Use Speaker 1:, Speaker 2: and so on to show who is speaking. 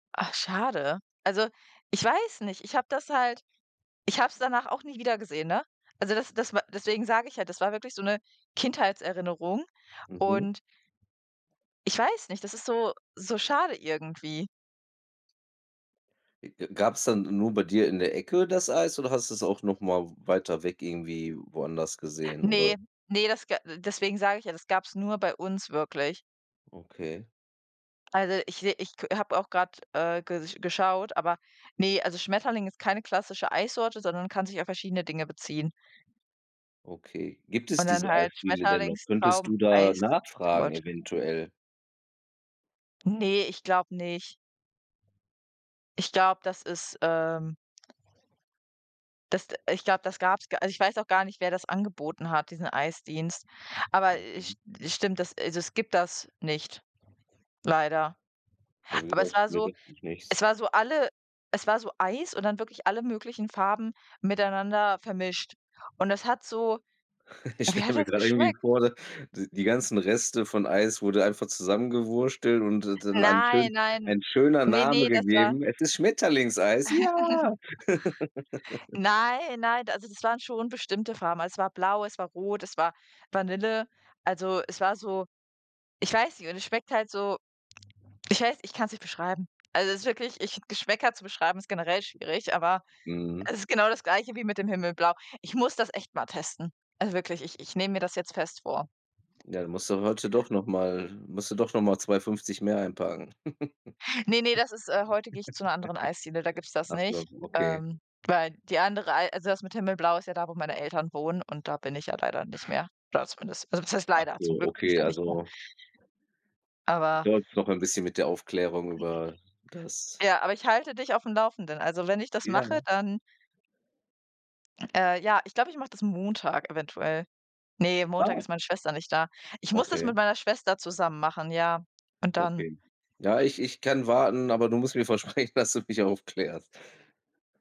Speaker 1: Ach, schade. Also, ich weiß nicht, ich habe das halt ich habe es danach auch nie wiedergesehen, ne? Also das das wa deswegen sage ich ja, das war wirklich so 'ne Kindheitserinnerung
Speaker 2: Mhm.
Speaker 1: und ich weiß nicht, das ist so so schade irgendwie.
Speaker 2: E e Gab's dann nur bei dir in der Ecke das Eis oder hattest du's auch noch mal w weiter weg irgendwie woanders gesehen oder
Speaker 1: Ne, ne, das ga deswegen sage ich ja, das gab's nur bei uns wirklich.
Speaker 2: Okay.
Speaker 1: Also ich se ich k habe auch grad, äh, ges geschaut, aber, ne, also Schmetterling ist keine klassische Eissorte, sondern kann sich auf verschiedene Dinge beziehen.
Speaker 2: Okay. Gibt es
Speaker 1: Und dann
Speaker 2: diese
Speaker 1: halt
Speaker 2: Eisspiele denn noch? Könntest
Speaker 1: Schmetterlingstraum
Speaker 2: du da nachfragen
Speaker 1: Eistorte.
Speaker 2: eventuell?
Speaker 1: Ne, ich glaube nicht. Ich glaube, das ist, ähm Das d ich glaube, das gab's gar also, ich weiß auch gar nicht, wer das angeboten hat, diesen Eisdienst. Aber ich
Speaker 2: Okay.
Speaker 1: es stimmt, das also, es gibt das nicht, leider.
Speaker 2: Bei mir
Speaker 1: Aber es
Speaker 2: gab's
Speaker 1: war
Speaker 2: früher
Speaker 1: so
Speaker 2: wirklich
Speaker 1: es
Speaker 2: nichts.
Speaker 1: war so alle es war so Eis und dann wirklich alle möglichen Farben miteinander vermischt. Und das hat so
Speaker 2: Ich
Speaker 1: wie
Speaker 2: stelle
Speaker 1: hat
Speaker 2: mir
Speaker 1: das
Speaker 2: gerade irgendwie
Speaker 1: geschmeckt?
Speaker 2: vor, d die ganzen Reste von Eis wurde einfach zusammengewurschtelt und dann dann einen
Speaker 1: Nein,
Speaker 2: schön
Speaker 1: nein,
Speaker 2: ein schöner
Speaker 1: ne,
Speaker 2: Name
Speaker 1: ne, das war
Speaker 2: gegeben. Es ist Schmetterlingseis. Ja.
Speaker 1: Nein, nein, d also das waren schon bestimmte Farben. Es war blau, es war rot, es war Vanille. Also, es war so ich weiß nicht, und es schmeckt halt so ich weiß ich kann's nicht beschreiben. Also, es ist wirklich ich finde, Geschmäcker zu beschreiben ist generell schwierig, aber
Speaker 2: Mhm.
Speaker 1: es ist genau das Gleiche wie mit dem Himmelblau. Ich muss das echt mal testen. Also wirklich, ich ich nehme mir das jetzt fest vor.
Speaker 2: Ja, du musst dann heute doch noch mal musst du doch noch mal 2,50 € mehr einpacken.
Speaker 1: Ne, ne, das ist äh, heute gehe ich zu 'ner anderen Eisdiele, da gibt's das
Speaker 2: Ach so,
Speaker 1: nicht,
Speaker 2: okay.
Speaker 1: ähm, weil die andere Ei also das mit Himmelblau ist ja da, wo meine Eltern wohnen, und da bin ich ja leider nicht mehr, da zumindest. Also, was heißt
Speaker 2: Ach
Speaker 1: leider? Zum
Speaker 2: so.
Speaker 1: Glück bin ich
Speaker 2: Okay,
Speaker 1: da nicht mehr.
Speaker 2: also
Speaker 1: Aber
Speaker 2: dauert's noch ein bisschen mit der Aufklärung über das
Speaker 1: Ja, aber ich halte dich auf'm Laufenden. Also, wenn ich das
Speaker 2: Ja,
Speaker 1: mache,
Speaker 2: ne?
Speaker 1: dann Äh, ja, ich glaube, ich mache das Montag eventuell. Ne, Montag
Speaker 2: Oh.
Speaker 1: ist meine Schwester nicht da. Ich muss das
Speaker 2: Okay.
Speaker 1: mit meiner Schwester zusammen machen, ja. Und dann
Speaker 2: Okay. Ja, ich ich kann warten, aber du musst mir versprechen, dass du mich aufklärst.